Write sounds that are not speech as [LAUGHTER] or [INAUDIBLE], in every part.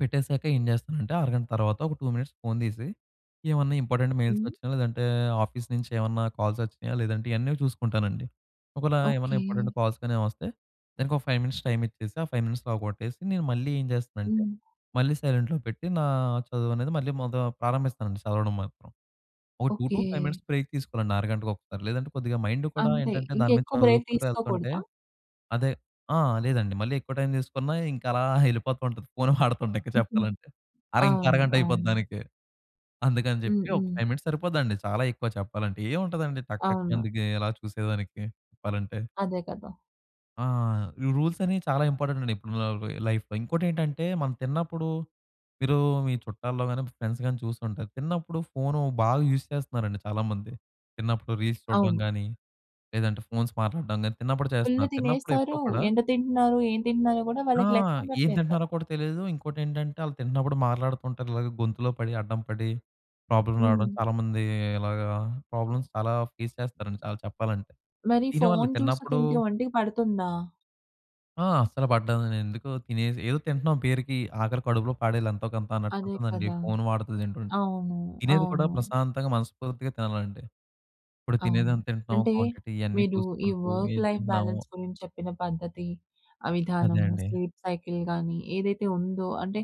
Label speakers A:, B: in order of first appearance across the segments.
A: పెట్టేసాక ఏం చేస్తానంటే అరగంట తర్వాత ఒక 2 మినిట్స్ ఫోన్ తీసి ఏవన్నా ఇంపార్టెంట్ మెయిల్స్
B: హ్మ్.
A: వచ్చినా లేదంటే ఆఫీస్ నుంచి ఏమన్నా కాల్స్ వచ్చినాయా లేదంటే ఇయన్నీ చూసుకుంటానండి. ఒకేళ ఏమైనా
B: ఓకె.
A: ఇంపార్టెంట్ కాల్స్ కానీ ఏవైనా వస్తే దానికి ఒక 5 మినిట్స్ టైమ్ ఇచ్చేసి ఆ 5 మినిట్స్‌లో అవ్వగొట్టేసి నేను మళ్ళీ ఏం చేస్తానంటే
B: హ్మ్.
A: మళ్ళీ సైలెంట్‌లో పెట్టి నా చదువు అనేది మళ్ళీ మొద ప్రారంభిస్తానండి చదవడం మాత్రం. ఒక two to
B: okay.
A: Five minutes break తీసుకోవాలండి ఆరగంటకు ఒకసారి. లేదంటే కొద్దిగా మైండ్ కూడా
B: అంతే.
A: ఏంటంటే దాని మీద
B: ఇంకెక్కువ బ్రేక్
A: చదువుకుంటూ వెళ్తుంటే
B: తీసుకోకూడదా?
A: అదే ఆ! లేదండి. మళ్ళీ ఎక్కువ టైమ్ తీసుకున్న ఇంక అలా [CHUCKLES] వెళ్ళిపోతుంటది. ఫోన్ వాడుతుంటే ఇంకా
B: హుహు.
A: చెప్పాలంటే. అర ఇంకో
B: అవును.
A: అరగంట అయిపోద్ది
B: అవును.
A: దానికి. అందుకని
B: హ్మ్.
A: చెప్పి ఒక
B: హ్మ్.
A: 5 మినిట్స్ సరిపోదండి. చాలా ఎక్కువ చెప్పాలంటే. ఏముంటదండి టక్ టక్
B: అవును.
A: అందుకే ఎలా చూసేదానికి చెప్పాలంటే.
B: అదే కదా!
A: ఆ! ఈ రూల్స్ అనేవి చాలా ఇంపార్టెంట్ అండి. ఇప్పుడు [UNINTELLIGIBLE] లైఫ్‌లో. ఇంకోటి ఏంటంటే మనం తిన్నప్పుడు మీరు మీ చుట్టాల్లో గాని ఫ్రెండ్స్ గాని చూసి ఉంటారు. తిన్నప్పుడు ఫోన్ బాగా యూజ్ చేస్తున్నారండి చాలామంది. తిన్నప్పుడు రీల్స్ చూడడం
B: అవును.
A: గాని లేదంటే ఫోన్స్ మాట్లాడడం గాని తిన్నప్పుడు
B: ఫుల్
A: చేస్తున్నారు. తిన్నప్పుడు ఎప్పుడూ
B: తినేస్తారు.
A: కూడా
B: ఎంత తింటున్నారు ఏం తింటున్నారో కూడా
A: ఆ!
B: వాళ్ళకి లెక్క
A: ఏం
B: ఉండట్లేదు
A: తింటున్నారో
B: కదా!
A: కూడా తెలీదు. ఇంకోటేంటంటే వాళ్ళు తింటున్నప్పుడు మాట్లాడుతుంటారు. ఇలాగే గొంతులో పడి అడ్డం పడి ప్రాబ్లమ్ రావడం
B: హ్మ్.
A: చాలామంది ఇలాగా ప్రాబ్లమ్స్ చాలా ఫేస్ చేస్తారండి. చాలా చెప్పాలంటే
B: మరి
A: దీని వాళ్ళు
B: ఫోన్ చూస్తా
A: తిన్నప్పుడు
B: తింటే ఒంటికి పడుతుందా?
A: ఆ! అస్సలు పడ్డదండి. ఎందుకు తినేసి ఏదో తింటున్నాం పేరుకి ఆకలి కడుపులో పాడేది ఎంతో కొంత అన్నట్టు
B: అదే
A: ఉంటుందండి.
B: కదా!
A: ఫోన్ వాడుతూ తింటుంటే.
B: అవును.
A: తినేది కూడా
B: అవును.
A: ప్రశాంతంగా మనస్పూర్తిగా తినాలండి. ఇప్పుడు తినేది
B: అవును.
A: ఎంత తింటున్నాము
B: అంటే
A: క్వాంటిటీ ఇవన్నీ
B: మీరు ఈ
A: చూసుకుంటూ
B: వర్క్
A: ఏం
B: లైఫ్
A: తింటున్నాము
B: బాలన్స్ గురించి చెప్పిన పద్ధతి. ఆ
A: అదే
B: విధానము.
A: అండి.
B: స్లీప్ సైకిల్ గానీ ఏదైతే ఉందో అంటే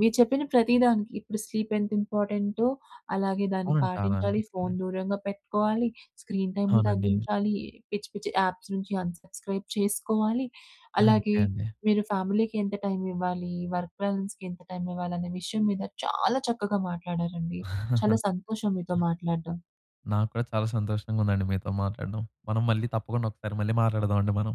B: మీరు చెప్పిన ప్రతి దానికి ఇప్పుడు స్లీప్ ఎంత ఇంపార్టెంటో అలాగే దాన్ని
A: అవునండి. చాలా
B: పాటించాలి.
A: అండి.
B: ఫోన్
A: హ్మ్.
B: దూరంగా పెట్టుకోవాలి. స్క్రీన్ టైమ్‌ని
A: అవునండి.
B: తగ్గించాలి. పిచ్చి, పిచ్చి యాప్స్ నుంచి అన్ సబ్స్క్రైబ్ చేసుకోవాలి.
A: అంతే
B: అలాగే
A: అండి.
B: మీరు ఫ్యామిలీకి ఎంత టైమ్ ఇవ్వాలి? వర్క్ బాలన్స్‌కి ఎంత టైమ్ ఇవ్వాలి? అనే విషయం మీద చాలా చక్కగా మాట్లాడారండి. చాలా సంతోషం మీతో
A: [CHUCKLES]
B: మాట్లాడడం.
A: నాకు కూడా చాలా సంతోషంగా ఉందండి మీతో మాట్లాడడం. మనం మళ్ళి తప్పకుండా ఒకసారి మళ్ళీ మాట్లాడదాం అండి మనం.